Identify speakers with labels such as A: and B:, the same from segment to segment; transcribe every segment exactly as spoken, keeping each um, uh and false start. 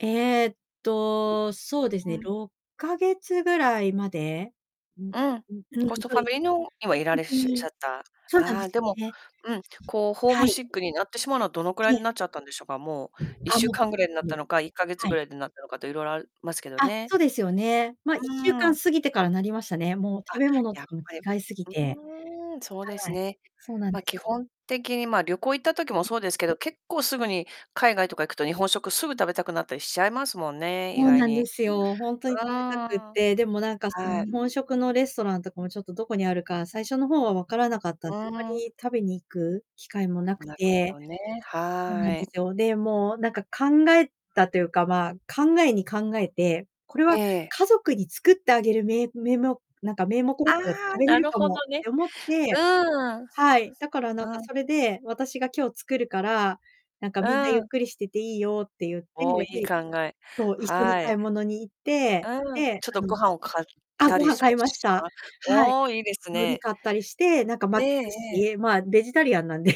A: ええと、そうです
B: う
A: ね、
B: ん。
A: ろっかげつぐらいまで。うん、
B: うん。
A: うん、うん、
B: コスト
A: そ
B: フ
A: う
B: ァ
A: で
B: ミリーのにはい
A: すね。
B: られっしゅしゃ
A: [unintelligible]
B: った。
A: そうなんで
B: あ、
A: す
B: で
A: よ
B: も、
A: ね。
B: うん、こう
A: [unintelligible]
B: ホー
A: は
B: ムシ
A: い。
B: ックになってしまうのは、どのくらい
A: い
B: に
A: え。
B: なっちゃったんでしょうか？もう、
A: うん、
B: いっ
A: あ、
B: しゅう
A: もう
B: かんぐ
A: 結
B: らいになっ
A: 構
B: たのか、いっかげつ
A: は
B: ぐ
A: い。
B: らいでなったのかと、いろいろあるますけど
A: あ、
B: ね。
A: そうですよね。ま、いっ
B: う
A: しゅうかん
B: ん。
A: 過ぎてからなりましたね。もう
B: あっ、
A: 食べ物と
B: やっ
A: かも
B: ぱり、
A: 違いすぎて。
B: うーん。そうで
A: は
B: す
A: い。
B: ね。
A: そうなん
B: ま、
A: です
B: 基
A: よ。
B: 本的にま、旅行行った時も
A: ええ。
B: そうですけど、結構すぐに、海外
A: ええ。
B: とか行くと、日本食すぐ食べたくなったりしちゃいますもんね、意
A: そう
B: 外
A: なんで
B: に。
A: すよ、ほんとに
B: うん。
A: 食べたくっ
B: は
A: て、でもなんかその
B: い。
A: 日本食のレストランとかもちょっとどこにあるか、最初の方は分からなかったん
B: う
A: で、あんま
B: ん。
A: り食べに行く機会もなく
B: なるほ
A: て
B: どね、
A: そうなん
B: は
A: で
B: い。
A: すよ。で、もう、なんか考えたというか、ま、考えに考えて、これは、
B: ええ。
A: 家族に作ってあげるめ名目、なんか名目だ
B: あ
A: ったら食
B: あ、
A: べれ
B: な
A: る
B: る
A: か
B: ほ
A: もっ
B: どね。
A: て思って
B: うん。う
A: はい、だからなんか
B: ん。
A: それで、私が今日作るから、なんか
B: う
A: みんなゆっ
B: ん。
A: くりしてていいよって言って、
B: おお、良い
A: で
B: 考え、
A: そう、一緒に
B: は
A: 買
B: い。
A: い物に行って、
B: うん、
A: で、
B: ちょっと
A: あの
B: ご飯を買っ
A: あ、
B: た
A: ご
B: り
A: 飯
B: し
A: 買
B: わ
A: いま
B: し
A: し
B: [unintelligible]
A: た。
B: は
A: はい。
B: おお、いいです
A: 海苔
B: ね。
A: 買ったりして、なんか
B: え
A: 巻き
B: ええ
A: 寿
B: え。
A: 司、ま、ベジタリアンなんで、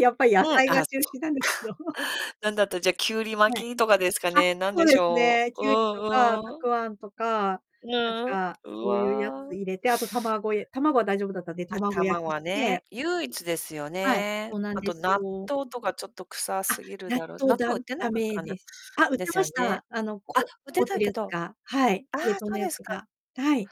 A: やっぱり野
B: はい、
A: 菜が
B: あ、
A: 中
B: そっ
A: 心なんですけど。
B: か。何だったら、じゃあ、きゅうり
A: は
B: 巻
A: い。
B: きとかですか
A: あ、
B: ね？何
A: そ
B: で
A: う
B: し
A: です
B: ょ
A: ね、
B: う。う
A: きゅうりとか、
B: ん
A: た
B: うん。
A: くあんとか、なん
B: ぬ
A: か、
B: うん、う
A: そういうやつ
B: わ。
A: 入れて、あと卵え卵は大丈夫だったんで、卵
B: 頭
A: 焼き
B: は
A: して
B: ね、唯一ですよ
A: はい、そ
B: ね。
A: うなん
B: あ
A: で
B: と
A: す
B: 納
A: よ。
B: 豆とかちょっと臭
A: あっ、
B: すぎる
A: 納
B: だろう。
A: 豆
B: 納
A: だ
B: 豆売
A: ん
B: ってな
A: 駄
B: かった
A: 目
B: かな？
A: です。あ、売っ
B: で
A: て
B: す
A: ま
B: よ
A: し
B: ね。
A: た。あの
B: あ、
A: こ
B: 売っ
A: 凍
B: て
A: って
B: た
A: る
B: け
A: やつ
B: ど、
A: が。はい、
B: ああ、
A: 冷凍の
B: そう
A: や
B: で
A: つ
B: すか。
A: が。はい。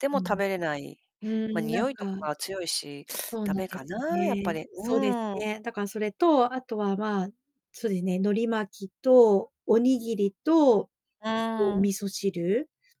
B: でも
A: う
B: 食
A: ん。
B: べれない。
A: う
B: まあ、
A: ん、
B: に
A: なん
B: おいと
A: か
B: かは強いし、
A: そう
B: 駄
A: なん
B: 目
A: で
B: か
A: すよ
B: な、やっぱ
A: ね、
B: り、
A: そ
B: う
A: うです
B: ん。
A: ね、だからそれと、あとはま、そうですね、海苔巻きとおにぎりと
B: う
A: とお
B: ん。
A: 味噌汁。